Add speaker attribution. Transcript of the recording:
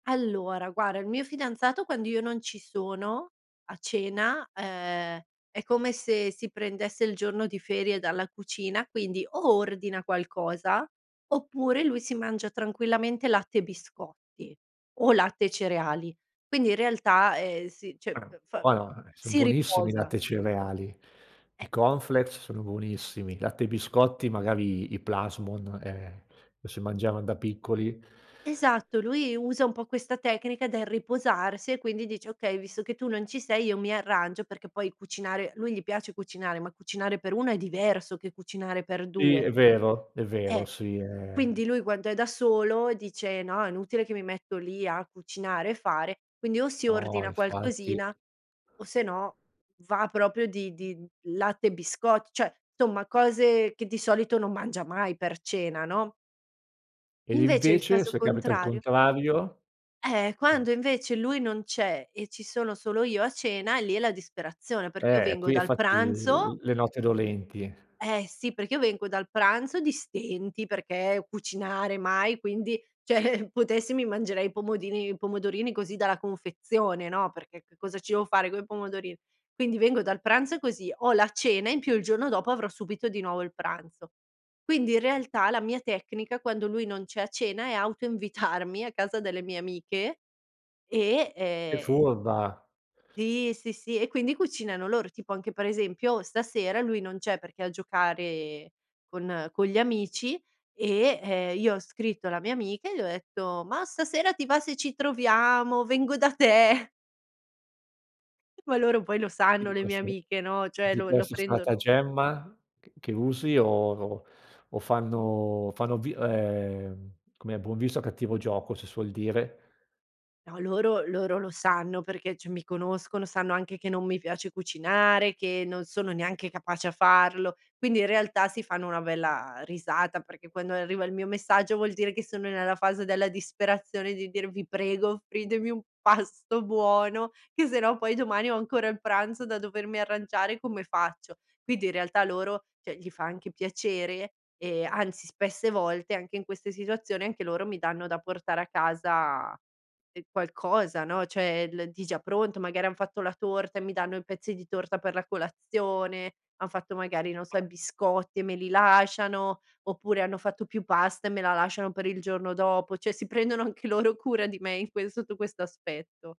Speaker 1: Allora guarda il mio fidanzato quando io non ci sono, a cena, ehm, è come se si prendesse il giorno di ferie dalla cucina, quindi o ordina qualcosa oppure lui si mangia tranquillamente latte e biscotti o latte e cereali. Quindi in realtà, ehm, si cioè
Speaker 2: Ah
Speaker 1: f fa,
Speaker 2: buono eh! Son
Speaker 1: si
Speaker 2: buonissimi i
Speaker 1: riposa.
Speaker 2: latte e cereali,
Speaker 1: Eh.
Speaker 2: i Corn Flakes sono buonissimi, latte e biscotti magari i Plasmon, ehm, lo si mangiavan da piccoli.
Speaker 1: Esatto, lui usa un po' questa tecnica del riposarsi e quindi dice: "Okay, visto che tu non ci sei io mi arrangio." Perché poi cucinare, lui gli piace cucinare, ma cucinare per 1 è diverso che cucinare per
Speaker 2: Sì
Speaker 1: 2.
Speaker 2: è vero, è vero,
Speaker 1: Eh!
Speaker 2: sì è
Speaker 1: Quindi lui quando è da solo dice: "No, è inutile che mi metto lì a cucinare e fare", quindi o si
Speaker 2: No,
Speaker 1: ordina
Speaker 2: infatti.
Speaker 1: qualcosina o se no va proprio di di latte e biscotti, cioè insomma cose che di solito non mangia mai per cena, no?
Speaker 2: Ed
Speaker 1: Invece il
Speaker 2: invece,
Speaker 1: caso
Speaker 2: se capita al
Speaker 1: contrario
Speaker 2: contrario?
Speaker 1: Eh,
Speaker 2: Eh!
Speaker 1: quando invece lui non c'è e ci sono solo io a cena, lì è la disperazione, perché io
Speaker 2: Eh!
Speaker 1: vengo
Speaker 2: Qui è
Speaker 1: dal
Speaker 2: fatti,
Speaker 1: pranzo
Speaker 2: l le note dolenti.
Speaker 1: Eh, sì, perché io vengo dal pranzo di stenti, perché cucinare mai, quindi cioè potessi mi mangerei i pomodini i pomodorini così dalla confezione, no, perché che cosa ci devo fare coi pomodorini, quindi vengo dal pranzo così, ho la cena in più il giorno dopo avrò subito di nuovo il pranzo. Quindi in realtà la mia tecnica, quando lui non c'è a cena, è auto invitarmi a casa delle mie amiche. E
Speaker 2: Che
Speaker 1: ehm
Speaker 2: furba!
Speaker 1: Sì, sì, sì e quindi cucinano loro, tipo anche per esempio stasera lui non c'è perché è a giocare con con gli amici e, ehm, io ho scritto alla mia amica e le ho detto: "Ma stasera ti va se ci troviamo, vengo da te.". E poi loro, poi lo
Speaker 2: E
Speaker 1: sanno
Speaker 2: di
Speaker 1: le mie
Speaker 2: questo
Speaker 1: amiche, no, cioè
Speaker 2: di
Speaker 1: lo lo
Speaker 2: questo
Speaker 1: prendono
Speaker 2: stratagemma ch che usi o o o fanno o fanno vi ehm, com'è, buon viso a cattivo gioco si suol dire.
Speaker 1: No, loro loro lo sanno perché cioè mi conoscono, sanno anche che non mi piace cucinare, che non sono neanche capace a farlo, quindi in realtà si fanno una bella, ehm, risata, perché quando arriva il mio messaggio vuol dire che sono nella fase della disperazione di dire: "Vi prego offritemi un pasto buono che se no poi domani ho ancora il pranzo da dovermi arrangiare, come faccio?" Quindi in realtà loro, cioè, gli fa anche piacere, ehm, anzi spesse volte anche in queste situazioni anche loro mi danno da portare a casa qualcosa, no, cioè, l di già pronto, magari han fatto la torta e mi danno i pezzi di torta per la colazione, han fatto magari, non so, i biscotti e me li lasciano, oppure hanno fatto più pasta e me la lasciano per il giorno dopo, cioè si prendono anche loro cura di me in ques sotto questo aspetto.